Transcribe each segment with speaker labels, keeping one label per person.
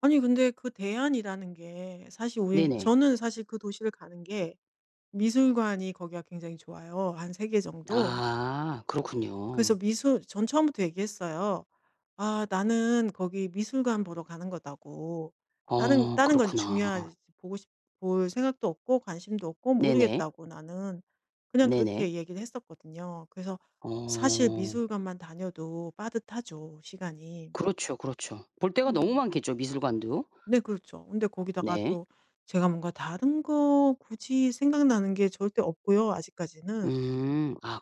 Speaker 1: 아니 근데 그 대안이라는 게 사실 우린
Speaker 2: 네네.
Speaker 1: 저는 사실 그 도시를 가는 게 미술관이 거기가 굉장히 좋아요, 한 3 개 정도.
Speaker 2: 아 그렇군요.
Speaker 1: 그래서 미술 전 처음부터 얘기했어요. "아 나는 거기 미술관 보러 가는 거다."고 "다른
Speaker 2: 어
Speaker 1: 다른 건
Speaker 2: 그렇구나.
Speaker 1: 중요하지 보고 싶 볼 생각도 없고 관심도 없고
Speaker 2: 네네.
Speaker 1: 모르겠다고 나는." 그냥
Speaker 2: 네네.
Speaker 1: 그렇게 얘기를 했었거든요. 그래서 사실
Speaker 2: 어.
Speaker 1: 미술관만 다녀도 빠듯하죠, 시간이.
Speaker 2: 그렇죠, 그렇죠. 볼 데가 너무
Speaker 1: 음.
Speaker 2: 많겠죠, 미술관도.
Speaker 1: 네. 그렇죠. 근데 거기다가
Speaker 2: 네.
Speaker 1: 또 제가 뭔가 다른 거 굳이 생각나는 게 절대 없고요, 아직까지는.
Speaker 2: 음. 아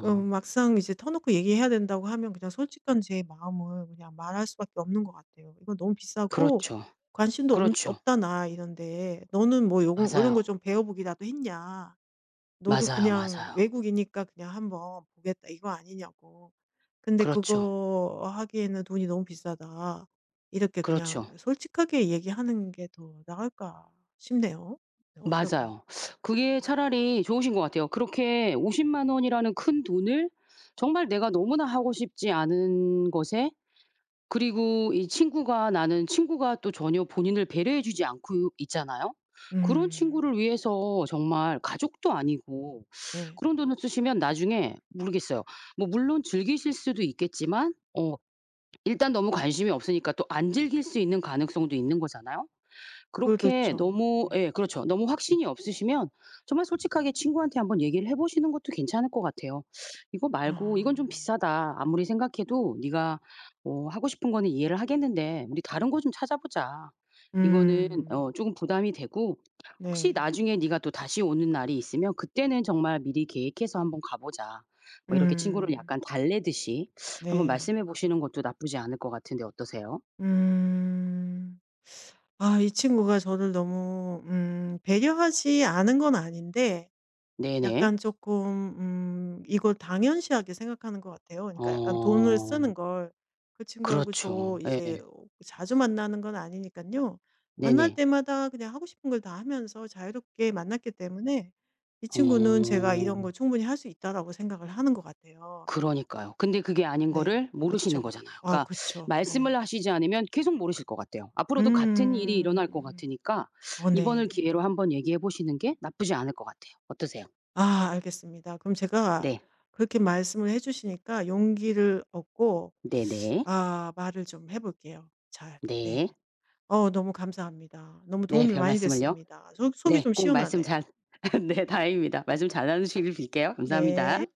Speaker 1: 어 막상 이제 터놓고 얘기해야 된다고 하면 그냥 솔직한 제 마음을 그냥 말할 수밖에 없는 것 같아요. "이건 너무 비싸고
Speaker 2: 그렇죠.
Speaker 1: 관심도 없
Speaker 2: 그렇죠.
Speaker 1: 없다 나 이런데. 너는 뭐 요거 이런 거
Speaker 2: 맞아요.
Speaker 1: 좀 배워 보기라도 했냐? 너도
Speaker 2: 맞아요,
Speaker 1: '그냥
Speaker 2: 맞아요.
Speaker 1: 외국이니까 그냥 한번 보겠다.' 이거 아니냐고. 근데
Speaker 2: 그렇죠.
Speaker 1: 그거 하기에는 돈이 너무 비싸다." 이렇게 그냥
Speaker 2: 그렇죠.
Speaker 1: 솔직하게 얘기하는 게 더 나을까 싶네요. 어떨까
Speaker 2: 맞아요. 그게 차라리 좋으신 것 같아요. 그렇게 500,000 원이라는 큰돈을 정말 내가 너무나 하고 싶지 않은 것에 그리고 이 친구가 나는 친구가 또 전혀 본인을 배려해 주지 않고 있잖아요. 그런
Speaker 1: 음.
Speaker 2: 친구를 위해서 정말 가족도 아니고
Speaker 1: 네.
Speaker 2: 그런 돈을 쓰시면 나중에 모르겠어요. 뭐 물론 즐기실 수도 있겠지만 어 일단 너무 관심이 없으니까 또 안 즐길 수 있는 가능성도 있는 거잖아요. 그렇게
Speaker 1: 그렇죠.
Speaker 2: 너무
Speaker 1: 네.
Speaker 2: 예 그렇죠 너무 확신이 없으시면 정말 솔직하게 친구한테 한번 얘기를 해 보시는 것도 괜찮을 것 같아요. "이거 말고 이건 좀
Speaker 1: 아.
Speaker 2: 비싸다. 아무리 생각해도 네가 어 하고 싶은 거는 이해를 하겠는데 우리 다른 거 좀 찾아보자. 이거는
Speaker 1: 음.
Speaker 2: 어 쪼금 부담이 되고 혹시
Speaker 1: 네.
Speaker 2: 나중에 네가 또다시 오는 날이 있으면 그때는 정말 미리 계획해서 한번 가 보자." 뭐 이렇게 친구를
Speaker 1: 음.
Speaker 2: 약간 달래듯이 한번
Speaker 1: 네.
Speaker 2: 말씀해 보시는 것도 나쁘지 않을 것 같은데 어떠세요?
Speaker 1: 음. 아 이 친구가 저를 너무 음 배려하지 않은 건 아닌데
Speaker 2: 네네.
Speaker 1: 약간 쪼끔 음 이걸 당연시하게 생각하는 것 같아요 그러니까 약간 돈을
Speaker 2: 어.
Speaker 1: 쓰는 걸. 그 친구하고 저
Speaker 2: 그렇죠. 예.
Speaker 1: 이제 자주 만나는 건 아니니깐요. 만날
Speaker 2: 네네.
Speaker 1: 때마다 그냥 하고 싶은 걸 다 하면서 자유롭게 만났기 때문에 이 친구는 제가 '이런
Speaker 2: 어.
Speaker 1: 걸 충분히 할 수 있다.'라고 생각을 하는 것 같아요.
Speaker 2: 그러니까요. 근데 그게 아닌
Speaker 1: 네.
Speaker 2: 거를 모르시는
Speaker 1: 그쵸.
Speaker 2: 거잖아요.
Speaker 1: 아
Speaker 2: 그러니까
Speaker 1: 그쵸. 네.
Speaker 2: 말씀을 하시지 않으면 계속 모르실 것 같아요. 앞으로도 같은 일이
Speaker 1: 음.
Speaker 2: 일어날 것 같으니까
Speaker 1: 어
Speaker 2: 이번을
Speaker 1: 네.
Speaker 2: 기회로 한번 얘기해 보시는 게 나쁘지 않을 것 같아요. 어떠세요?
Speaker 1: 아. 알겠습니다. 그럼 제가
Speaker 2: 네.
Speaker 1: 그렇게 말씀을 해 주시니까 용기를 얻고
Speaker 2: 네네.
Speaker 1: 아 말을 좀 해 볼게요 잘.
Speaker 2: 네.
Speaker 1: 네. 어 너무 감사합니다. 너무
Speaker 2: 네
Speaker 1: 도움이 많이
Speaker 2: 별말씀을요.
Speaker 1: 됐습니다. 속 속이
Speaker 2: 네
Speaker 1: 좀
Speaker 2: 꼭 말씀
Speaker 1: 시원하네요.
Speaker 2: 잘 네 다행입니다. 말씀 잘하시길 빌게요.
Speaker 1: 네.
Speaker 2: 감사합니다.